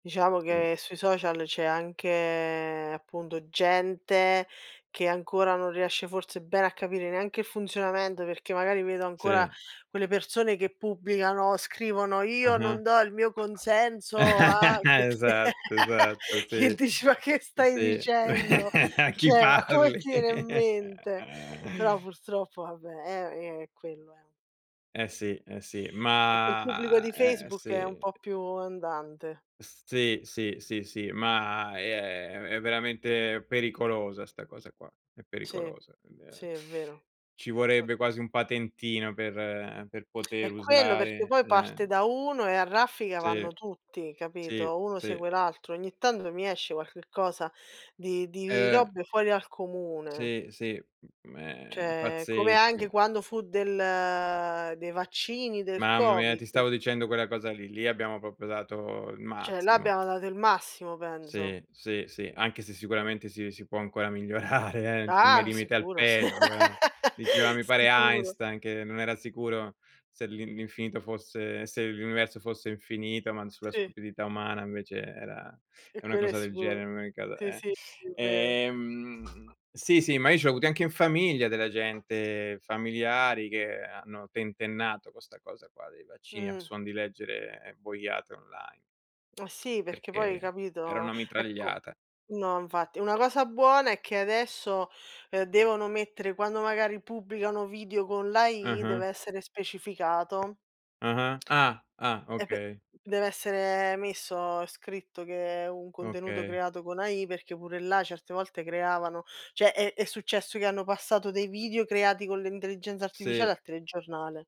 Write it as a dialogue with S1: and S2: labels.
S1: Diciamo
S2: Sì.
S1: che sui social c'è anche appunto gente che ancora non riesce forse bene a capire neanche il funzionamento, perché magari vedo ancora
S2: Sì.
S1: quelle persone che pubblicano, scrivono: "io non
S2: Mh-mh.
S1: do il mio consenso," ah che che
S2: Esatto, esatto,
S1: che
S2: sì.
S1: dici: "Ma che stai
S2: Sì.
S1: dicendo?"
S2: A chi
S1: Cioè, ma come
S2: parli?
S1: ti viene in mente? Però purtroppo vabbè, è è quello, è.
S2: Eh sì, eh sì,
S1: E quel pubblico
S2: ma
S1: di
S2: eh
S1: Facebook è un
S2: sì.
S1: po' più andante.
S2: Sì, sì, sì, si, ma è è v è veramente pericolosa 'sta cosa qua, è
S1: Sì,
S2: pericolosa, quindi ehm,
S1: sì, è vero.
S2: ci vorrebbe quasi
S1: [unintelligible]
S2: un patentino per per poter
S1: È quello, perché
S2: usare
S1: poi parte
S2: eh.
S1: da uno e a raffica
S2: Sì.
S1: vanno tutti,
S2: Sì,
S1: capito? Uno
S2: sì.
S1: segue l'altro. Ogni tanto mi esce qualche cosa di di
S2: Eh.
S1: robe fuori dal comune.
S2: Sì, sì, mhmm, ehm,
S1: Cioè, come anche
S2: pazzesche.
S1: quando fu del dei vaccini del
S2: Mamma mia ti
S1: Covid.
S2: stavo dicendo quella cosa lì, lì abbiamo proprio dato il
S1: Cioè, là
S2: massimo.
S1: abbiamo dato il massimo penso.
S2: Sì, sì, sì, anche se sicuramente si si può ancora migliorare eh, mai
S1: Ah,
S2: limite al
S1: sicuro s
S2: peggio, eh. Diceva mi pare
S1: sicuro.
S2: Einstein che non era sicuro se l'in l'infinito fosse se l'universo fosse infinito, ma sulla
S1: Sì.
S2: stupidità umana invece era
S1: E
S2: è una
S1: quello è
S2: cosa del genere,
S1: sicuro.
S2: in ogni caso,
S1: Si,
S2: eh.
S1: sì, è vero.
S2: Ehm, sì, sì, ma io ce l'ho avuti anche in famiglia della gente familiari che hanno tentennato con sta cosa qua dei vaccini a
S1: Mh.
S2: suon di leggere boiate online.
S1: Mah sì, perché poi,
S2: Perché era
S1: capito?
S2: una
S1: Ecco
S2: mitragliata.
S1: no, infatti. Una cosa buona è che adesso, ehm, devono mettere quando magari pubblicano video con l' AI,
S2: Mh-mh.
S1: deve essere specificato.
S2: Ah-ah, ah, ah,
S1: E p
S2: okay.
S1: deve essere messo, scritto che è un contenuto
S2: Okay.
S1: creato con AI, perché pure là certe volte creavano cioè, è è successo che hanno passato dei video creati con l'intelligenza artificiale
S2: Sì.
S1: al telegiornale.